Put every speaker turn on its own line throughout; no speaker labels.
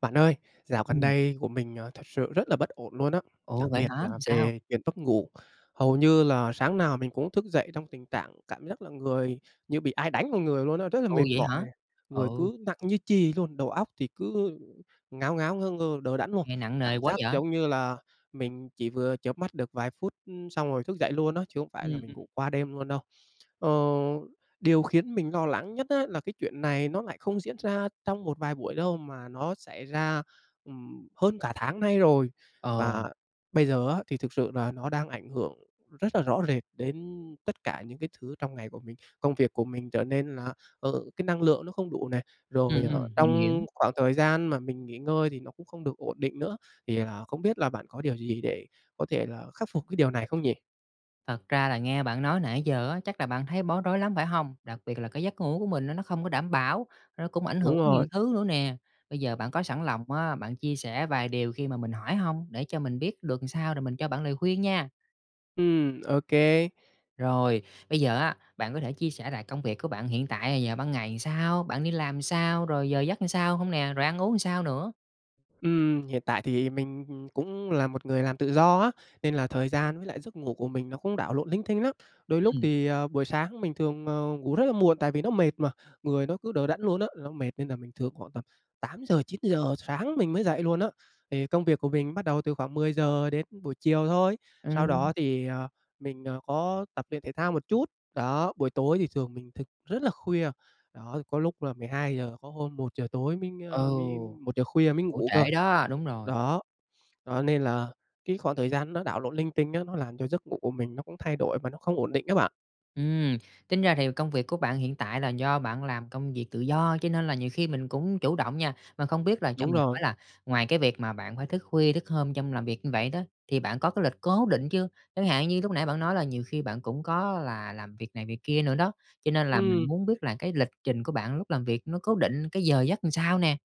Bạn ơi, dạo gần
Ừm.
đây của mình, ờ, thật sự rất là bất ổn luôn á,
Ồ!
đặc
Vậy
biệt
hả?
là
Sao?
về chuyện mất ngủ. Hầu như là sáng nào mình cũng thức dậy trong tình trạng cảm giác là người như bị ai đánh vào người luôn á, rất là
Ồ!
mệt
Vậy
mỏi
hả?
này, người
Ừ.
cứ nặng như chì luôn, đầu óc thì cứ, ừ, ngáo ngáo, ngơ ngơ, đờ đẫn luôn.
Nghe nặng nề
Cảm
quá
giác
vậy?
giống như là mình chỉ vừa chớp mắt được vài phút, ừm, xong rồi thức dậy luôn á, chứ không phải là
Ừm,
mình
ừm.
ngủ qua đêm luôn đâu. Ờ, điều khiến mình lo lắng nhất á là cái chuyện này nó lại không diễn ra trong một vài buổi đâu, mà nó xảy ra, ừm, hơn cả tháng nay rồi.
Ờ.
Và bây giờ á, thì thực sự là nó đang ảnh hưởng rất là rõ rệt đến tất cả những cái thứ trong ngày của mình. Công việc của mình trở nên là, ờ, cái năng lượng nó không đủ nè, rồi
Ừm,
ở
ừm, mình hiểu.
trong khoảng thời gian mà mình nghỉ ngơi thì nó cũng không được ổn định nữa, thì, à, không biết là bạn có điều gì để có thể là khắc phục cái điều này không nhỉ?
Thật ra là nghe bạn nói nãy giờ á, chắc là bạn thấy bối rối lắm phải hông? Đặc biệt là cái giấc ngủ của mình á, nó không có đảm bảo, nó cũng ảnh hưởng
Đúng
nhiều
rồi.
thứ nữa nè. Bây giờ bạn có sẵn lòng, á, bạn chia sẻ vài điều khi mà mình hỏi hông, để cho mình biết được sao rồi mình cho bạn lời khuyên nha?
Ừm, ô kê.
Rồi. Bây giờ á, bạn có thể chia sẻ lại công việc của bạn hiện tại giờ ban ngày sao, bạn đi làm sao, rồi giờ giấc làm sao hông nè? Rồi ăn uống sao nữa?
Ừm, hiện tại thì mình, ừm, cũng là một người làm tự do á, nên là thời gian với lại giấc ngủ của mình nó cũng đảo lộn linh tinh lắm. Đôi lúc
Ừm.
thì, ờ, buổi sáng mình thường, ờ, ngủ rất là muộn, tại vì nó mệt mà, người nó cứ đờ đẫn luôn á, nó mệt nên là mình thường khoảng tầm 8:00-9:00 sáng mình mới dậy luôn á. Thì công việc của mình bắt đầu từ khoảng 10:00 đến buổi chiều thôi, sau
Ừm.
đó thì, à, mình, à, có tập luyện thể thao một chút. Đó, buổi tối thì thường mình thức rất là khuya. Đó, có lúc là 12:00, có hôm 1:00 tối mới,
Ừ.
a, mới 1:00 khuya mới
Ngủ
ngủ cơ.
trễ đó, đúng rồi.
Đó. Đó, nên là cái khoảng thời gian nó đảo lộn linh tinh á, nó làm cho giấc ngủ của mình nó cũng thay đổi và nó không ổn định á bạn.
Ừm, tính ra thì công việc của bạn hiện tại là do bạn làm công việc tự do, cho nên là nhiều khi mình cũng chủ động nha. Mà không biết là cho
Đúng
mình
rồi.
hỏi là ngoài cái việc mà bạn phải thức khuya thức hôm trong làm việc như vậy đó, thì bạn có cái lịch cố định chưa? Chẳng hạn như lúc nãy bạn nói là nhiều khi bạn cũng có là làm việc này, việc kia nữa đó, cho nên là mình
Ừm.
muốn biết là cái lịch trình của bạn lúc làm việc nó cố định cái giờ giấc làm sao nè?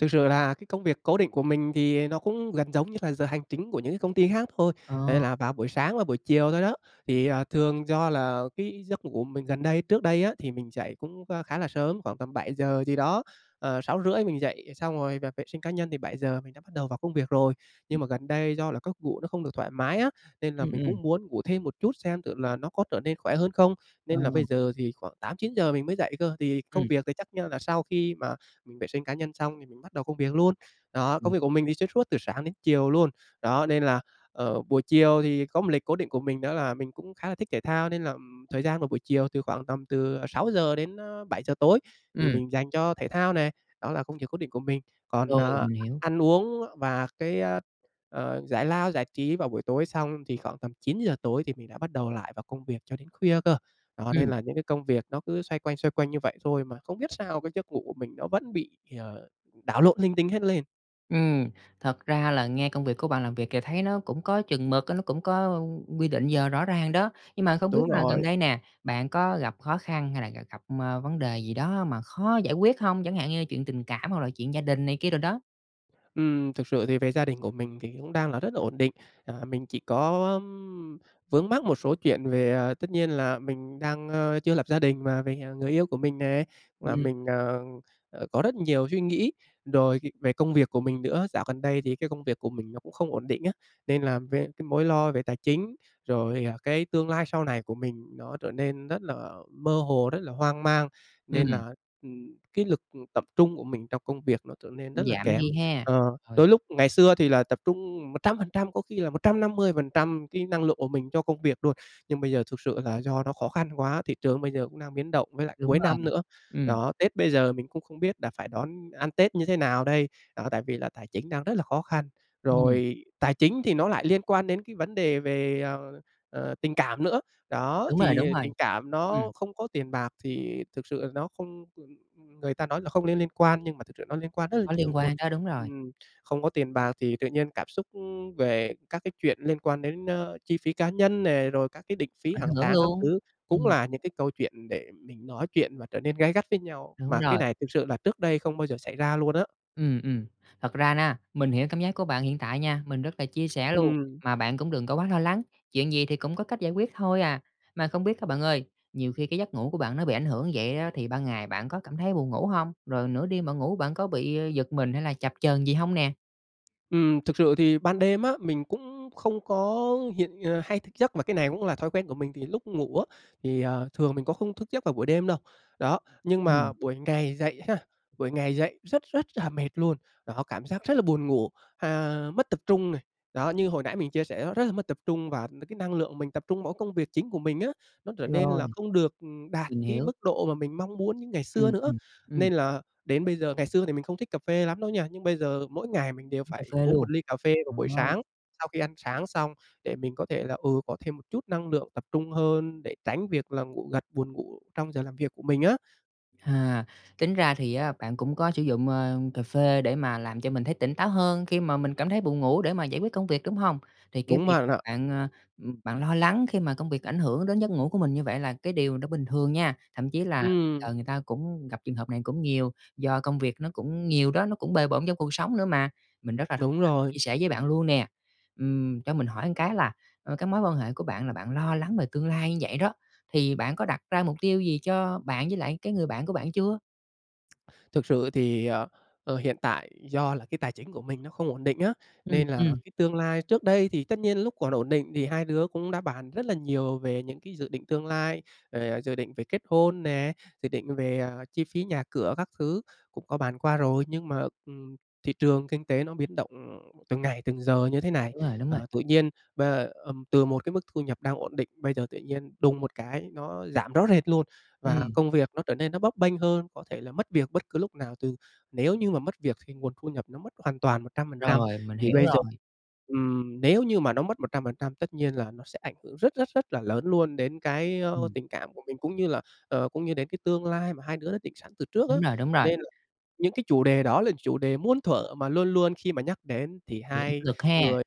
Thực sự là cái công việc cố định của mình thì, à, nó cũng gần giống như là giờ hành chính của những cái công ty khác thôi, đấy
Ờ.
là vào buổi sáng và buổi chiều thôi đó. Thì, à, thường do là cái giấc ngủ mình gần đây trước đây á, thì mình dậy cũng, a, khá là sớm, khoảng tầm 7:00 gì đó, à, 6:30 mình dậy, xong rồi là vệ sinh cá nhân thì 7:00 mình đã bắt đầu vào công việc rồi.
Ừm.
Nhưng mà gần đây do là gấc ngủ nó không được thoải mái á, nên là
Ừm,
mình
ừm.
cũng muốn ngủ thêm một chút xem thử là nó có trở nên khỏe hơn không.
Ờ.
Nên là bây giờ thì khoảng 8:00-9:00 mình mới dậy cơ, thì công
Ừm.
việc thì chắc, ơ, là sau khi mà mình vệ sinh cá nhân xong thì mình bắt đầu công việc luôn. Đó,
Ừm.
công việc của mình thì xuyên suốt từ sáng đến chiều luôn. Đó, nên là, ờ, buổi chiều thì có một lịch cố định của mình đó là mình cũng khá là thích thể thao, nên là, ừm, thời gian của buổi chiều từ khoảng tầm từ 6:00-7:00 tối thì
Ừm.
mình dành cho thể thao này, đó là công việc cố định của mình. Còn,
Rồi,
ờ,
mình hiểu.
ăn uống và cái, a, ờ, giải lao, giải trí vào buổi tối xong, thì khoảng tầm 9:00 tối thì mình đã bắt đầu lại vào công việc cho đến khuya cơ. Đó, nên
Ừm.
là những cái công việc nó cứ xoay quanh, xoay quanh như vậy thôi mà không biết sao cái giấc ngủ của mình nó vẫn bị, ờ, đảo lộn linh tinh hết lên.
Ừm, thật ra là nghe công việc của bạn làm việc kìa thấy nó cũng có chừng mực á, nó cũng có quy định giờ rõ ràng đó. Nhưng mà không biết
Đúng
là gần
rồi.
đây nè, bạn có gặp khó khăn hay là g gặp, ờ, vấn đề gì đó mà khó giải quyết hông? Chẳng hạn như chuyện tình cảm hoặc là chuyện gia đình này kia đồ đó.
Ừm, thực sự thì về gia đình của mình thì cũng đang là rất là ổn định. À, mình chỉ có, ừm, vướng mắc một số chuyện về, à, tất nhiên là mình đang, ơ, chưa lập gia đình, mà về, à, người yêu của mình nè, và
Ừm.
mình, à, à, có rất nhiều suy nghĩ rồi, ờ, về công việc của mình nữa. Dạo gần đây thì cái công việc của mình nó cũng không ổn định á, nên làm về cái mối lo về tài chính, rồi, à, cái tương lai sau này của mình nó trở nên rất là mơ hồ, rất là hoang mang. Nên
Ừm.
là, ừm, cái lực, ừm, tập trung của mình trong công việc nó trở nên
Cũng
rất là
giảm
kém.
đi ha.
Ờ,
Rồi.
đôi lúc ngày xưa thì là tập trung 100%, có khi là 150% cái năng lượng của mình cho công việc luôn, nhưng bây giờ thực sự là do nó khó khăn quá, thị trường bây giờ cũng đang biến động với lại
Đúng
cuối năm
rồi,
nữa.
ừm.
Đó, Tết bây giờ mình cũng không biết đà phải đón ăn Tết như thế nào đây, đó, tại vì là tài chính đang rất là khó khăn.
Ừm.
Rồi tài chính thì nó lại liên quan đến cái vấn đề về, ờ, ờ, tình cảm nữa. Đó,
Đúng rồi, đúng
thì
rồi.
tình cảm
Ừm.
nó không có tiền bạc thì thực sự là nó không, ừm người ta nói là không nên liên quan, nhưng mà thực sự nó liên quan rất là
Có
nhiều
liên
luôn.
quan đó, đúng rồi.
Ừm, không có tiền bạc thì tự nhiên cảm xúc, ưm, về các cái chuyện liên quan đến, ơ, chi phí cá nhân nè, rồi các cái định phí
Ảnh
hàng
hưởng
tháng các
luôn.
thứ cũng
Ừm.
là những cái câu chuyện để mình nói chuyện và trở nên gay gắt với nhau,
Đúng
mà cái
rồi.
này thực sự là trước đây không bao giờ xảy ra luôn á.
Ừm, ừm. Thật ra, mình hiểu cảm giác của bạn hiện tại nha, mình rất là chia sẻ luôn.
Ừm.
Mà bạn cũng đừng có quá lo lắng, chuyện gì thì cũng có cách giải quyết thôi à. Mà không biết á bạn ơi, nhiều khi cái giấc ngủ của bạn nó bị ảnh hưởng như vậy á, thì ban ngày bạn có cảm thấy buồn ngủ hông? Rồi nửa đêm bạn ngủ, bạn có bị giật mình hay là chập chờn gì hông nè?
Ừm. Thực sự thì ban đêm á, mình cũng không có hiện ờ, hay thức giấc, mà cái này cũng là thói quen của mình, thì lúc ngủ á, thì, ờ, thường mình có không thức giấc vào buổi đêm đâu, đó. Nhưng
Ừm.
mà buổi ngày dậy ha, buổi ngày dậy rất rất là mệt luôn. Đó, cảm giác rất là buồn ngủ, à, mất tập trung này, đó, như hồi nãy mình chia sẻ đó, rất là mất tập trung. Và n cái năng lượng mình tập trung mỗi công việc chính của mình á, nó trở nên
Rồi.
là không được, ừm, đạt
Mình
cái
hiểu.
mức độ mà mình mong muốn như ngày xưa
Ừm,
nữa.
ừm, ừm.
Nên là đến bây giờ ngày xưa thì mình không thích cà phê lắm đâu nha, nhưng bây giờ, mỗi ngày mình đều
Uống cà
phải
phê
uống
luôn.
1 ly cà phê vào
Ờ.
buổi sáng, sau khi ăn sáng xong, để mình có thể là, ừ, có thêm một chút năng lượng tập trung hơn, để tránh việc là ngủ gật, buồn ngủ trong giờ làm việc của mình á.
À, tính ra thì á, bạn cũng có sử dụng, ờ, cà phê để mà làm cho mình thấy tỉnh táo hơn khi mà mình cảm thấy buồn ngủ để mà giải quyết công việc, đúng hông? Thì cái
Đúng
việc
bạn
mà
ạ.
bạn, ờ, ừm, bạn lo lắng khi mà công việc ảnh hưởng đến giấc ngủ của mình như vậy là cái điều nó bình thường nha. Thậm chí là
Ừm.
giờ người ta cũng gặp trường hợp này cũng nhiều, do công việc nó cũng nhiều đó, nó cũng bề bộn trong cuộc sống nữa mà. Mình rất là thông
Đúng
cảm,
rồi.
chia sẻ với bạn luôn nè. Ừm, cho mình hỏi một cái là, ờ, cái mối quan hệ của bạn là bạn lo lắng về tương lai như vậy đó, thì bạn có đặt ra mục tiêu gì cho bạn với lại cái người bạn của bạn chưa?
Thực sự thì, ờ, ờ, hiện tại do là cái tài chính của mình nó không ổn định á,
Ừm,
nên là
ừm.
cái tương lai trước đây thì tất nhiên lúc còn ổn định thì hai đứa cũng đã bàn rất là nhiều về những cái dự định tương lai, về dự định về kết hôn nè, dự định về, ờ, chi phí nhà cửa các thứ cũng có bàn qua rồi nhưng mà, ừm, thị trường kinh tế nó biến động, ừm, từng ngày, từng giờ như thế này,
Đúng rồi, đúng rồi.
ờ, tự nhiên và ừm, từ một cái mức thu nhập đang ổn định, bây giờ tự nhiên đùng một cái nó giảm rõ rệt luôn và
Ừm.
công việc nó trở nên nó bấp bênh hơn, có thể là mất việc bất cứ lúc nào từ nếu như mà mất việc thì nguồn thu nhập nó mất hoàn toàn 100%
Rồi, mình
thì
hiểu
bây giờ
rồi.
ừm, nếu như mà nó mất 100% tất nhiên là nó sẽ ảnh hưởng rất, rất, rất là lớn luôn đến cái, ơ,
Ừm.
tình cảm của mình cũng như là, ờ, cũng như đến cái tương lai mà hai đứa đã định sẵn từ trước á.
Đúng rồi, đúng rồi.
Nên là những cái chủ đề đó là chủ đề muôn thuở mà luôn luôn khi mà nhắc đến thì
Bị áp
hai
lực ha.
người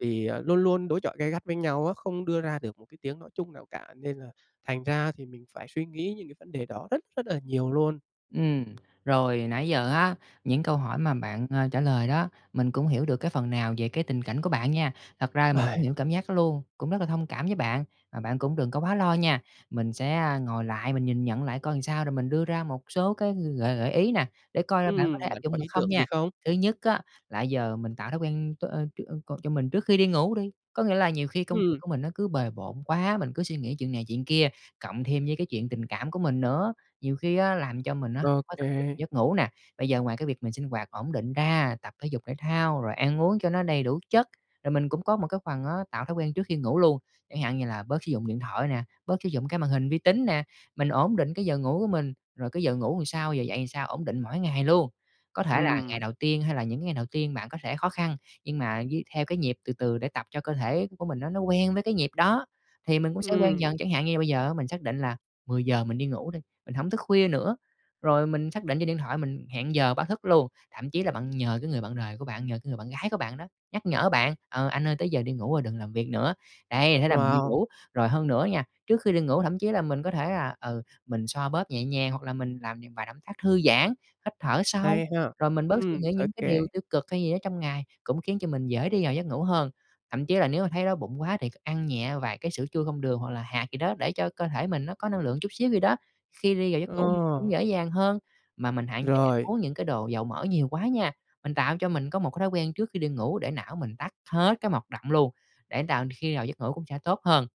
thì, ờ, luôn luôn đối chọi gay gắt với nhau á, không đưa ra được một cái tiếng nói chung nào cả, nên là thành ra thì mình phải suy nghĩ những cái vấn đề đó rất, rất là nhiều luôn.
Ừm, rồi nãy giờ á, những câu hỏi mà bạn, ờ, trả lời đó, mình cũng hiểu được cái phần nào về cái tình cảnh của bạn nha. Thật ra là mình cũng hiểu cảm giác đó luôn, cũng rất là thông cảm với bạn, và bạn cũng đừng có quá lo nha. Mình sẽ, a, ngồi lại mình nhìn nhận lại coi làm sao rồi mình đưa ra một số cái gợi gợi ý nè, để coi là bạn có thể
Ừm,
áp
bạn
dụng
có
được
ý
không
tưởng
nha.
gì không?
Thứ nhất á là giờ mình tạo thói quen t ơ, ch ơ, c cho mình trước khi đi ngủ đi, có nghĩa là nhiều khi công việc
Ừm.
của mình nó cứ bề bộn quá, mình cứ suy nghĩ chuyện này, chuyện kia, cộng thêm với cái chuyện tình cảm của mình nữa, nhiều khi á, làm cho mình á, khó tập trung
OK.
giấc ngủ nè. Bây giờ ngoài cái việc mình sinh hoạt ổn định ra, tập thể dục thể thao, rồi ăn uống cho nó đầy đủ chất, rồi mình cũng có một cái phần á, tạo thói quen trước khi ngủ luôn. Chẳng hạn như là bớt sử dụng điện thoại nè, bớt sử dụng cái màn hình vi tính nè, mình ổn định cái giờ ngủ của mình, rồi cái giờ ngủ làm sao, giờ dậy làm sao ổn định mỗi ngày luôn. Có thể là ngày
Ừm.
đầu tiên hay là những cái ngày đầu tiên bạn có thể khó khăn nhưng mà với theo cái nhịp từ từ để tập cho cơ thể của mình á nó quen với cái nhịp đó thì mình cũng sẽ quen
Ừm.
dần, chẳng hạn như là bây giờ á, mình xác định là 10:00 mình đi ngủ đi, mình hổng thức khuya nữa, rồi mình xác định trên điện thoại mình hẹn giờ báo thức luôn, thậm chí là bạn nhờ cái người bạn đời của bạn, nhờ cái người bạn gái của bạn đó, nhắc nhở bạn: "Ờ, anh ơi, tới giờ đi ngủ rồi đừng làm việc nữa." Đấy, thế là mình đi
Wow.
ngủ. Rồi hơn nữa nha, trước khi đi ngủ thậm chí là mình có thể là, ừ, mình xoa bóp nhẹ nhàng hoặc là mình làm những vài động tác thư giãn, hít thở sâu,
Hay ha.
rồi mình bớt suy
Ừm.
nghĩ những cái điều
OK.
tiêu cực hay gì đó trong ngày, cũng khiến cho mình dễ đi vào giấc ngủ hơn, thậm chí là nếu mà thấy đói bụng quá thì c ăn nhẹ vài cái sữa chua không đường hoặc là hạt gì đó để cho cơ thể mình nó có năng lượng chút xíu gì đó, khi đi vào giấc ngủ mình cũng
Ờ.
dễ dàng hơn. Mà mình hạn chế ăn
Rồi.
uống những cái đồ dầu mỡ nhiều quá nha, mình tạo cho mình có một cái thói quen trước khi đi ngủ để não mình tắt hết cái mọt động luôn, để tạo khi nào giấc ngủ cũng sẽ tốt hơn.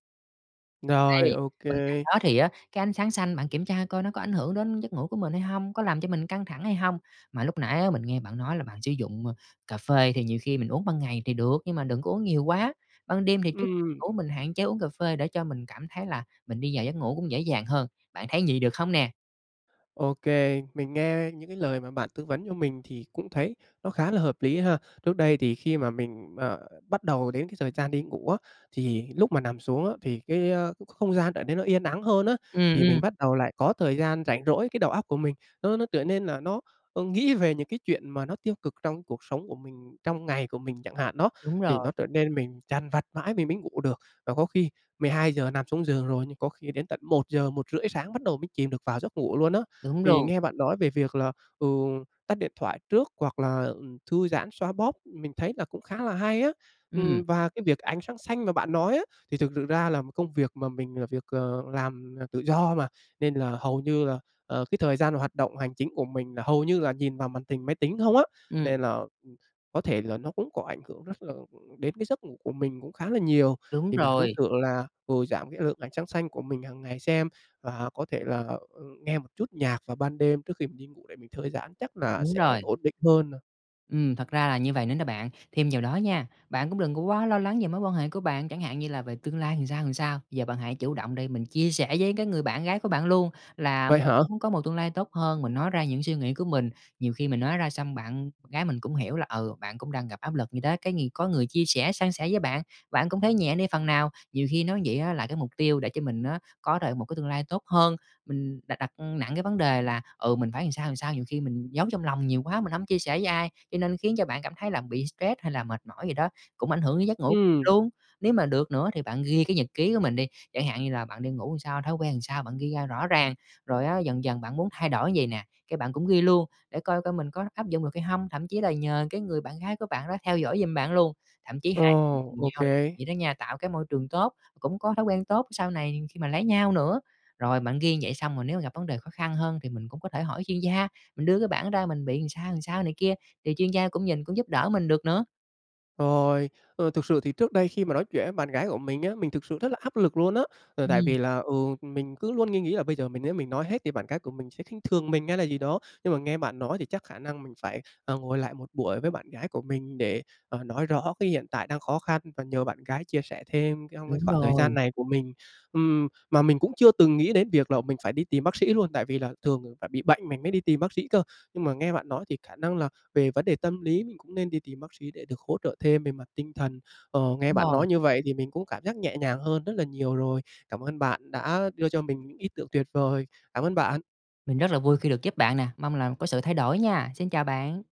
Rồi,
Đây.
ô
Bên cạnh
kê.
đó thì á, cái ánh sáng xanh, bạn kiểm tra coi nó có ảnh hưởng đến giấc ngủ của mình hay hông, có làm cho mình căng thẳng hay hông? Mà lúc nãy á, mình nghe bạn nói là bạn sử dụng, ơ, cà phê, thì nhiều khi mình uống ban ngày thì được, nhưng mà đừng có uống nhiều quá. Ban đêm thì trước
Ừm.
ngủ, mình hạn chế uống cà phê để cho mình cảm thấy là mình đi vào giấc ngủ cũng dễ dàng hơn. Bạn thấy vậy được không nè?
Ô kê. Mình nghe những cái lời mà bạn tư vấn cho mình thì cũng thấy nó khá là hợp lý ha. Trước đây thì khi mà mình, ờ, bắt đầu đến cái thời gian đi ngủ á, thì lúc mà nằm xuống á, thì cái, a, cái không gian trở nên nó yên ắng hơn á,
Ừm,
thì
ừm.
mình bắt đầu lại có thời gian rảnh rỗi, cái đầu óc của mình, nó nó trở nên là nó, ơ, nghĩ về những cái chuyện mà nó tiêu cực trong cuộc sống của mình, trong ngày của mình chẳng hạn đó,
Đúng
thì
rồi.
nó trở nên mình dằn vặt mãi mình mới ngủ được. Và có khi 12:00 nằm xuống giường rồi, nhưng có khi đến tận 1:00-1:30 sáng bắt đầu mới chìm được vào giấc ngủ luôn á.
Đúng
Thì
luôn.
nghe bạn nói về việc là, ừ, tắt điện thoại trước hoặc là, ừm, thư giãn, xoa bóp, mình thấy là cũng khá là hay á.
Ừm.
Ừm, và cái việc ánh sáng xanh mà bạn nói á, thì thực sự ra là công việc mà mình là việc, ờ, làm, ờ, tự do mà, nên là hầu như là, ờ, cái thời gian hoạt động hành chính của mình là hầu như là nhìn vào màn hình máy tính không á,
Ừm.
nên là, ừm, có thể là nó cũng có ảnh hưởng rất là ừm, đến cái giấc ngủ của mình cũng khá là nhiều.
Đúng
Thì mình cũng
rồi.
thử là vừa giảm cái lượng ánh sáng xanh của mình hằng ngày xem, và có thể là, ừm, nghe một chút nhạc vào ban đêm trước khi mình đi ngủ để mình thư giãn, chắc là
Đúng
sẽ
rồi.
ổn định hơn nà.
Ừm, thật ra là như vầy nữa nè bạn. Thêm vào đó nha, bạn cũng đừng có quá lo lắng về mối quan hệ của bạn, chẳng hạn như là về tương lai làm sao, làm sao. Giờ bạn hãy chủ động đi, mình chia sẻ với cái người bạn gái của bạn luôn là
Vậy
mình
hả?
cũng muốn có một tương lai tốt hơn, mình nói ra những suy nghĩ của mình, nhiều khi mình nói ra xong bạn gái mình cũng hiểu là, ừ, bạn cũng đang gặp áp lực gì đó, cái nghiền có người chia sẻ, san sẻ với bạn, bạn cũng thấy nhẹ đi phần nào. Nhiều khi nói vậy á là cái mục tiêu để cho mình á có thể một cái tương lai tốt hơn, mình đặt đặt nặng cái vấn đề là, ừ, mình phải làm sao, làm sao, nhiều khi mình giấu trong lòng nhiều quá mình hổng chia sẻ với ai, cho nên khiến cho bạn cảm thấy là bị stress, hay là mệt mỏi gì đó cũng ảnh hưởng đến giấc ngủ
Ừm.
luôn. Nếu mà được nữa thì bạn ghi cái nhật ký của mình đi, chẳng hạn như là bạn đi ngủ làm sao, thói quen làm sao, bạn ghi ra rõ ràng, rồi á dần dần bạn muốn thay đổi vầy nè, cái bạn cũng ghi luôn để coi coi mình có áp dụng được hay hông, thậm chí là nhờ cái người bạn gái của bạn đó theo dõi giùm bạn luôn, thậm chí hai người
Ồ!
cùng
OK.
nhau làm vậy đó nha, tạo cái môi trường tốt, cũng có thói quen tốt sau này khi mà lấy nhau nữa. Rồi bạn ghi vậy xong rồi nếu gặp vấn đề khó khăn hơn thì mình cũng có thể hỏi chuyên gia, mình đưa cái bảng ra mình bị làm sao, làm sao này kia thì chuyên gia cũng nhìn, cũng giúp đỡ mình được nữa.
Rồi, ờ, thực sự thì trước đây khi mà nói chuyện với bạn gái của mình á, mình thực sự rất là áp lực luôn á. Ờ, tại
Ừm.
vì là, ừ, mình cứ luôn nghi nghĩ là bây giờ mình nếu mình nói hết thì bạn gái của mình sẽ khinh thường mình hay là gì đó. Nhưng mà nghe bạn nói thì chắc khả năng mình phải, ờ, ngồi lại một buổi với bạn gái của mình để, ờ, nói rõ cái hiện tại đang khó khăn và nhờ bạn gái chia sẻ thêm trong cái
Đúng
khoảng thời gian
rồi.
này của mình. Ừm, mà mình cũng chưa từng nghĩ đến việc là mình phải đi tìm bác sĩ luôn, tại vì là thường phải bị bệnh mình mới đi tìm bác sĩ cơ. Nhưng mà nghe bạn nói thì khả năng là về vấn đề tâm lý mình cũng nên đi tìm bác sĩ để được hỗ trợ thêm về mặt tinh thần. Ờ, nghe
Đúng
bạn
rồi.
nói như vậy thì mình cũng cảm giác nhẹ nhàng hơn rất là nhiều rồi. Cảm ơn bạn đã đưa cho mình những ý tưởng tuyệt vời. Cảm ơn bạn!
Mình rất là vui khi được giúp bạn nè. Mong là có sự thay đổi nha. Xin chào bạn.